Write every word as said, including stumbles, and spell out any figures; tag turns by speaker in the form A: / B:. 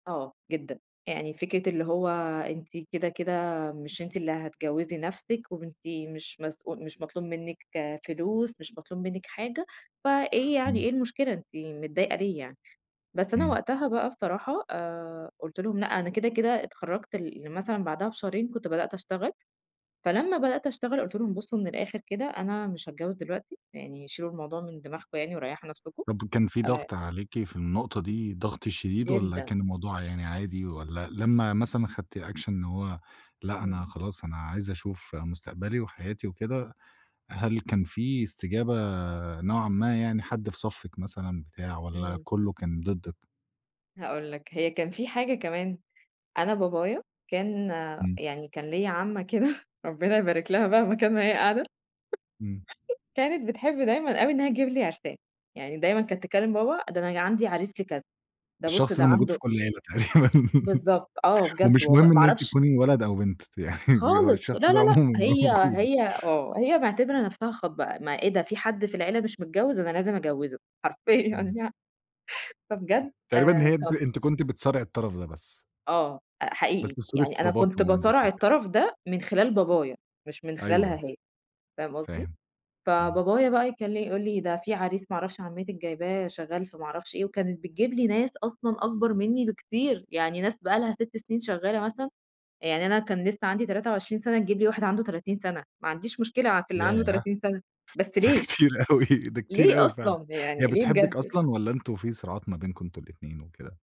A: آه، جدًا، يعني فكرة اللي هو أنتِ كده كده مش أنتِ اللي هتجوّزي نفسكِ، وأنتِ مش مسؤ مش مطلوب منِّك فلوس، مش مطلوب منِّك حاجة. فإيه يعني؟
B: إمم.
A: إيه المشكلة؟ أنتِ متضايقة ليه يعني؟ بس أنا
B: إمم.
A: وقتها بقى بصراحة آآ، قُلت لهم لأ، أنا كده كده اتخرجت ل مثلًا بعدها بشهرين كنت بدأت أشتغل. فلما بدأت أشتغل قلت لهم: بصّوا من الآخر كده، أنا مش هاتجوز دلوقتي، يعني شيلوا الموضوع من دماغكم يعني، وريحوا نفسكم
B: طب كان في
A: آآ
B: ضغط عليكِ في النقطة دي ضغط شديد والّا
A: جدًا.
B: كان الموضوع يعني عادي؟ والّا لما مثلًا خدتي أكشن إن هو لأ
A: إمم.
B: أنا خلاص أنا عايزة أشوف مستقبلي وحياتي وكده، هل كان في استجابة نوعًا ما، يعني حد في صفِّك مثلًا بتاع، والّا
A: إمم.
B: كله كان ضدِك؟
A: هاقول لك، هي كان في حاجة كمان. أنا بابايا كان
B: إمم.
A: يعني كان ليَّ عمة كده، ربنا يباركلها بقى مكان ما هي قاعدة.
B: إمم.
A: كانت بتحب دايمًا أوي إنّها تجيب لي عرسان. يعني دايمًا كانت تكلم بابا: "ده أنا عندي عريس لي كذا، ده بص
B: الشخص
A: ده
B: ده موجود في
A: عنده"
B: كل عيلة تقريبًا،
A: بالضبط آه، بجد
B: ومش
A: والله
B: مهم
A: ما
B: إن أنتِ
A: أعرفش
B: تكوني ولد أو بنت، يعني فجوا
A: خالص
B: الشخص
A: لا، لا،
B: ده
A: لأ،
B: عمومًا
A: هي
B: موجود.
A: هي آه، هي معتبرة نفسها خاطبة. ما إيه ده؟ في حد في العيلة مش متجوز، أنا لازم أجوّزه حرفيًا
B: إمم.
A: يعني. فبجد
B: تقريبًا
A: آآ
B: هي أنتِ
A: ط–
B: أنتِ كنتِ بتصارعي الطرف ده بس.
A: آه،
B: بس
A: حقيقي
B: في صورة
A: يعني أنا
B: باباكِ
A: كنت
B: ومامتِك
A: باصارع
B: وكده.
A: الطرف ده من خلال بابايا مش من خلالها
B: أيوه.
A: هي، فاهم قصدي؟
B: فاهم، إمم.
A: فبابايا بقى يكل يقول لي ده في عريس ما اعرفش عمتك جايباه شغّال في ما اعرفش إيه. وكانت بتجيب لي ناس أصلًا أكبر مِنّي بكتير، يعني ناس بقى لها ست سنين شغّالة مثلًا يعني أنا كان لسّه عندي تلاتة وعشرين سنة تجيب لي واحد عنده تلاتين سنة. ماعنديش مشكلة في اللي عنده
B: ياه!
A: تلاتين سنة، بس
B: ده
A: ليه؟
B: كتير أوي، ده كتير
A: ليه
B: أوي فعلًا.
A: أصلًا،
B: هي
A: يعني ليه
B: بتحبك
A: بجد؟
B: أصلًا؟ والّا أنتم في صراعات ما بينكوا أنتم الاتنين وكده؟